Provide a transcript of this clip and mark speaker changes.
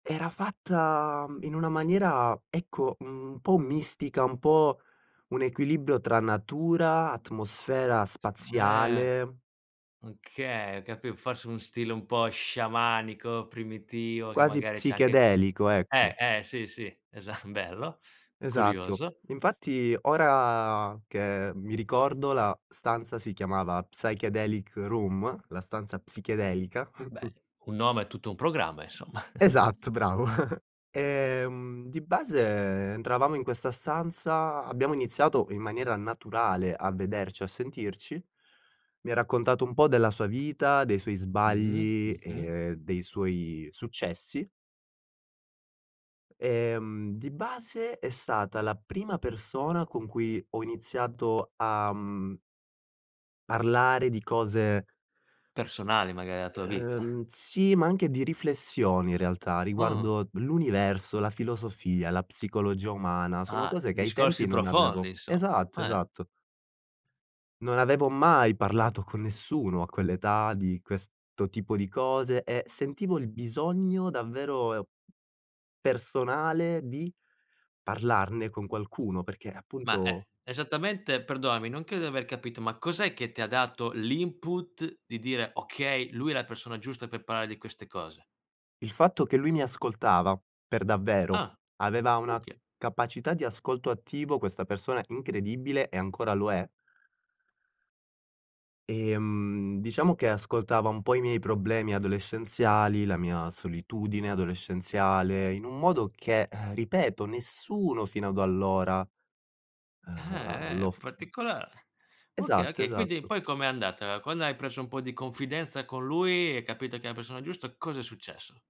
Speaker 1: Era fatta in una maniera, ecco, mhmm, un po' mistica, un po' un equilibrio tra natura, atmosfera
Speaker 2: Eh,
Speaker 1: spaziale
Speaker 2: okay, ho capi forse un stile un po' sciamanico, primitivo, che
Speaker 1: Quasi
Speaker 2: magari c'è anche
Speaker 1: psichedelico, ecco.
Speaker 2: eh, eh, sì, sì, esa bello,
Speaker 1: Esatto,
Speaker 2: curioso.
Speaker 1: infatti ora che mi ricordo, la stanza si chiamava psychedelic room, la stanza psichedelica
Speaker 2: Beh, un nome è tutto un programma, insomma.
Speaker 1: Esatto, bravo. Ehm, di base, entravamo in questa stanza abbiamo iniziato in maniera naturale a vederci, a sentirci. Mi ha raccontato un po' della sua vita, dei suoi
Speaker 2: Mh,
Speaker 1: sbagli
Speaker 2: mh-mh.
Speaker 1: e dei suoi successi. Ehm, di base, è stata la prima persona con cui ho iniziato a mhmm parlare di cose
Speaker 2: Personali, magari, la tua vita.
Speaker 1: Uhm, sì, ma anche di riflessioni, in realtà,
Speaker 2: Mh!
Speaker 1: riguardo l'universo, la filosofia, la psicologia umana. Sono
Speaker 2: Ah,
Speaker 1: cose, che ai
Speaker 2: discorsi
Speaker 1: tempi non
Speaker 2: profondi,
Speaker 1: avevo
Speaker 2: insomm
Speaker 1: esatto,
Speaker 2: eh.
Speaker 1: esatto. Non avevo mai parlato con nessuno a quell'età, di questo tipo di cose e sentivo il bisogno davvero, uhm, personale di parlarne con qualcuno, perché,
Speaker 2: Ma
Speaker 1: appunto
Speaker 2: e esattamente, perdonami, non credo di aver capito, ma cos'è che ti ha dato l' input di dire: "Okay, lui è la persona giusta per parlare di queste cose"?
Speaker 1: Il fatto che lui mi ascoltava, per davvero,
Speaker 2: Ah,
Speaker 1: aveva una
Speaker 2: okay.
Speaker 1: capacità di ascolto attivo, questa persona, incredibile e ancora lo è. Ehm, diciamo, che ascoltava un po' i miei problemi adolescenziali, la mia solitudine adolescenziale, in un modo che, ripeto, nessuno fino ad allora,
Speaker 2: Eh,
Speaker 1: uhm,
Speaker 2: eh,
Speaker 1: lo
Speaker 2: è
Speaker 1: f
Speaker 2: particolare. Okay,
Speaker 1: Esatto,
Speaker 2: okay, quindi,
Speaker 1: esatto.
Speaker 2: poi com'è andata? Quando hai preso un po' di confidenza con lui e hai capito che è la persona giusta, cosa è successo?